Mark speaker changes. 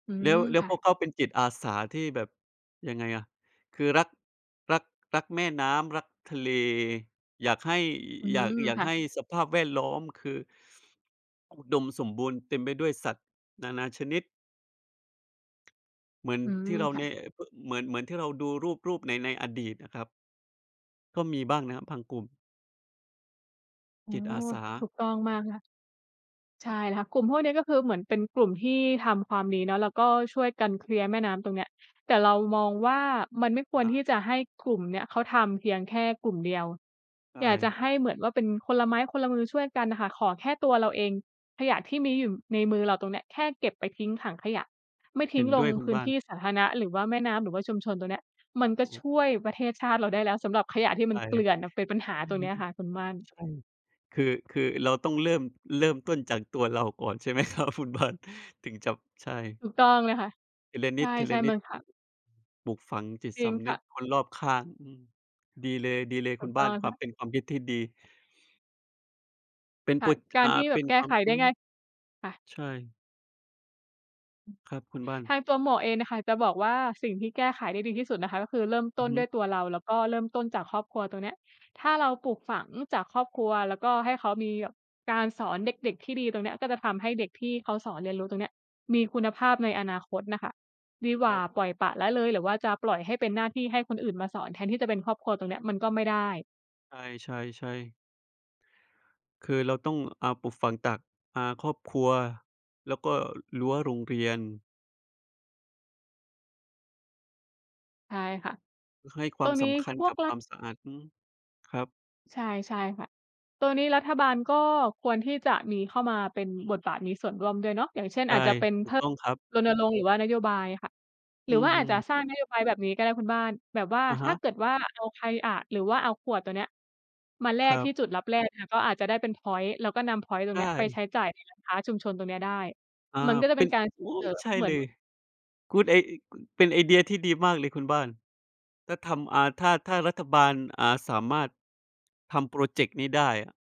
Speaker 1: อื
Speaker 2: แล้
Speaker 1: ม
Speaker 2: ว แล้
Speaker 1: ค
Speaker 2: ว
Speaker 1: ่
Speaker 2: พ
Speaker 1: ะ
Speaker 2: วกเขาเป็นจิตอาสาที่แบบ ยังไงอะ คือรัก รัก รักแม่น้ำ รักทะเล อยากให้
Speaker 1: อื
Speaker 2: อ อ อยาก
Speaker 1: ม
Speaker 2: อยาก
Speaker 1: ค่
Speaker 2: ให
Speaker 1: ะ
Speaker 2: ้สภาพแวดล้อม คือ อุดมสมบูรณ์ เต็มไปด้วยสัตว์นานาชนิด เหมือน
Speaker 1: อื
Speaker 2: ท
Speaker 1: ม
Speaker 2: ี่เรา
Speaker 1: ค่
Speaker 2: แ
Speaker 1: ะ
Speaker 2: นะ พ เหมือน เหมือนที่เราดูรูป รูปใน ในอดีตน่ะครับ ก็มีบ้างนะครับ พังกุม
Speaker 1: อ๋อ
Speaker 2: จิตอาสา
Speaker 1: ถูกต้อง
Speaker 2: ค
Speaker 1: ม
Speaker 2: ร
Speaker 1: า
Speaker 2: ับ
Speaker 1: กค่ะ ใช่แล้วค่ะ กลุ่มพวกนี้ก็คือเหมือนเป็นกลุ่มที่ทำความดีเนาะ แล้วก็ช่วยกันเคลียร์แม่น้ำตรงเนี้ย แต่เรามองว่ามันไม่ค
Speaker 2: อะ
Speaker 1: วร
Speaker 2: ฮะ
Speaker 1: ที่จะให้กลุ่มเนี้ยเขาทำเพียงแค่กลุ่มเดียว
Speaker 2: ใช่
Speaker 1: อยากจะให้เหมือนว่าเป็น คนละไม้คนละมือช่วยกันน่ะค่ะ ขอแค่ตัวเราเอง ขยะที่มีอยู่ในมือเราตรงเนี้ย แค่เก็บไปทิ้งถังขยะ ไม่ท
Speaker 2: เห
Speaker 1: ิ้
Speaker 2: ็
Speaker 1: ง
Speaker 2: น
Speaker 1: ล
Speaker 2: ด้
Speaker 1: ง
Speaker 2: วยคุ
Speaker 1: พ
Speaker 2: ณ
Speaker 1: ื้
Speaker 2: บ
Speaker 1: น
Speaker 2: ้า
Speaker 1: ท
Speaker 2: น
Speaker 1: ี่สาธารณะหรือว่าแม่น้ำ หรือว่าชุมชน ตรงเนี้ยมันก็
Speaker 2: อ
Speaker 1: ช
Speaker 2: ุ
Speaker 1: ่วยประเทศชาติเราได้แล้วสำหรับขยะที่ม
Speaker 2: ใช
Speaker 1: ัน
Speaker 2: ่
Speaker 1: เกลื่อนน่ะ เป็นปัญหา
Speaker 2: อื
Speaker 1: ตร
Speaker 2: อ
Speaker 1: ง
Speaker 2: ฮ
Speaker 1: เ
Speaker 2: ึ
Speaker 1: นี้ยค่ะคุณม่าน
Speaker 2: ใช่ คือ คือเราต้องเริ่ม เริ่มต้นจากตัวเราก่อนใช่ ไหมครับ คุณบ้าน ถึงจะ ใช่
Speaker 1: ถูกต้องเลยค่ะ
Speaker 2: ทีละ
Speaker 1: ใ
Speaker 2: นิ
Speaker 1: ช่ ๆ มั
Speaker 2: ด
Speaker 1: น ค
Speaker 2: ๆ อื
Speaker 1: ่
Speaker 2: อ
Speaker 1: ะ
Speaker 2: ปลูกฝังจิต
Speaker 1: จร
Speaker 2: ส
Speaker 1: ิง
Speaker 2: ำ
Speaker 1: ค
Speaker 2: นึ
Speaker 1: ่
Speaker 2: ก
Speaker 1: ะ
Speaker 2: คนรอบข้าง อือ ดีเลย
Speaker 1: ถ
Speaker 2: ๆ ค
Speaker 1: ู
Speaker 2: ุ
Speaker 1: ก
Speaker 2: ณบ
Speaker 1: ต
Speaker 2: ้า
Speaker 1: ้อ
Speaker 2: น
Speaker 1: ง
Speaker 2: ค
Speaker 1: ค
Speaker 2: วา
Speaker 1: ่
Speaker 2: ม
Speaker 1: ะ
Speaker 2: เป็นความคิดที่ดี เป็น
Speaker 1: ค
Speaker 2: โ
Speaker 1: ่
Speaker 2: ป
Speaker 1: ะ
Speaker 2: จ
Speaker 1: กา
Speaker 2: อ
Speaker 1: ร
Speaker 2: ่า
Speaker 1: ที่แ
Speaker 2: เ
Speaker 1: บ
Speaker 2: ป
Speaker 1: บ
Speaker 2: ็น
Speaker 1: แก
Speaker 2: ค
Speaker 1: ้
Speaker 2: วา
Speaker 1: ไข
Speaker 2: ม
Speaker 1: ไ
Speaker 2: อ
Speaker 1: ด
Speaker 2: ื
Speaker 1: ้
Speaker 2: อ
Speaker 1: ง่าย ค่ะ
Speaker 2: ใช่ ครับคุณบ้าน
Speaker 1: ทางตัวหมวกเองนะคะ จะบอกว่าสิ่งที่แก้ไขได้ดีที่สุดนะคะก็คือเริ่มต
Speaker 2: อื
Speaker 1: ้
Speaker 2: อ
Speaker 1: น
Speaker 2: ฮ
Speaker 1: ด้
Speaker 2: ึ
Speaker 1: วยตัวเรา แล้วก็เริ่มต้นจากครอบครัว ตรงเนี้ยถ้าเราปลูกฝังจากครอบครัว แล้วก็ให้เขามีแบบการสอนเด็ก ๆ ที่ดี ตรงเนี้ยก็จะทำให้เด็กที่เขาสอนเรียนรู้ตรงเนี้ย มีคุณ
Speaker 2: ค
Speaker 1: ภา
Speaker 2: รับ
Speaker 1: พในอนาคตน่ะค่ะ ดีกว
Speaker 2: คร
Speaker 1: ่า
Speaker 2: ั
Speaker 1: ปล่อย
Speaker 2: บ
Speaker 1: ปละละเลย หรือว่าจะปล่อยให้เป็นหน้าที่ให้คนอื่นมาสอนแทนที่จะเป็นครอบครัว ตรงเนี้ยมันก็ไม่ได้
Speaker 2: ใช่ ๆ ๆ คือเราต้อง อ่า ปลูกฝังตาก อ่า ครอบครัว แล้วก็รั้วโรงเรียน
Speaker 1: ใช่ค่ะ
Speaker 2: ห ให้คว
Speaker 1: ต
Speaker 2: า
Speaker 1: ร
Speaker 2: ม
Speaker 1: งน
Speaker 2: ส
Speaker 1: ี้
Speaker 2: ำคัญ
Speaker 1: พว
Speaker 2: ก
Speaker 1: ก
Speaker 2: ับ
Speaker 1: ร
Speaker 2: ค
Speaker 1: ั
Speaker 2: ว
Speaker 1: ฐ
Speaker 2: ามสะอาด อืม ครับ
Speaker 1: ใช่ ใช่ค่ะ ตัวนี้รัฐบาลก็ควรที่จะมีเข้ามาเป็น บทบาท มีส่วนร่วมด้วยเนาะ อย่างเช่น
Speaker 2: ใช
Speaker 1: อ
Speaker 2: ่
Speaker 1: าจจะเป็น
Speaker 2: ถู
Speaker 1: พ
Speaker 2: กต้องครับ
Speaker 1: รณรงค์ หรือว่านโยบายค่ะ หร
Speaker 2: อ
Speaker 1: ื
Speaker 2: ื
Speaker 1: อว
Speaker 2: อ
Speaker 1: ่า
Speaker 2: ฮ
Speaker 1: อ
Speaker 2: ึ
Speaker 1: าจจะสร้างนโยบายแบบนี้ก็ได้คุณบ้าน แบบว่า
Speaker 2: อะ
Speaker 1: ถ
Speaker 2: ฮ
Speaker 1: ้า
Speaker 2: ะ
Speaker 1: เกิดว่าเอาใคร อา หรือว่าเอาขวดตัวเนี้ยมาแล
Speaker 2: ค
Speaker 1: ก
Speaker 2: รั
Speaker 1: ที่
Speaker 2: บ
Speaker 1: จุดลับแลก ค่ะ ก็อาจจะได้เป็นพ็อยนต์ แล้วก็นำพ็อยนต์ตร
Speaker 2: ใช
Speaker 1: งเนี้ยไป
Speaker 2: ่
Speaker 1: ใช้จ่ายในร้านค้าชุมชนตรงเนี้ยได้
Speaker 2: อา
Speaker 1: มันก็จะ
Speaker 2: เ
Speaker 1: เ
Speaker 2: ป
Speaker 1: ป็
Speaker 2: ็น
Speaker 1: นการ ส
Speaker 2: โอ
Speaker 1: ่ง
Speaker 2: ้
Speaker 1: เสริม
Speaker 2: ใช่
Speaker 1: เหมือ
Speaker 2: เล
Speaker 1: น
Speaker 2: ย คุณเอง อ ค เป็นไอเดียที่ดีมากเลยคุณบ้าน ถ้าทำ อ่า ถ้า ถ้ารัฐบาล อ่า สามารถ ทำพรอเจกต์นี้ได้อะ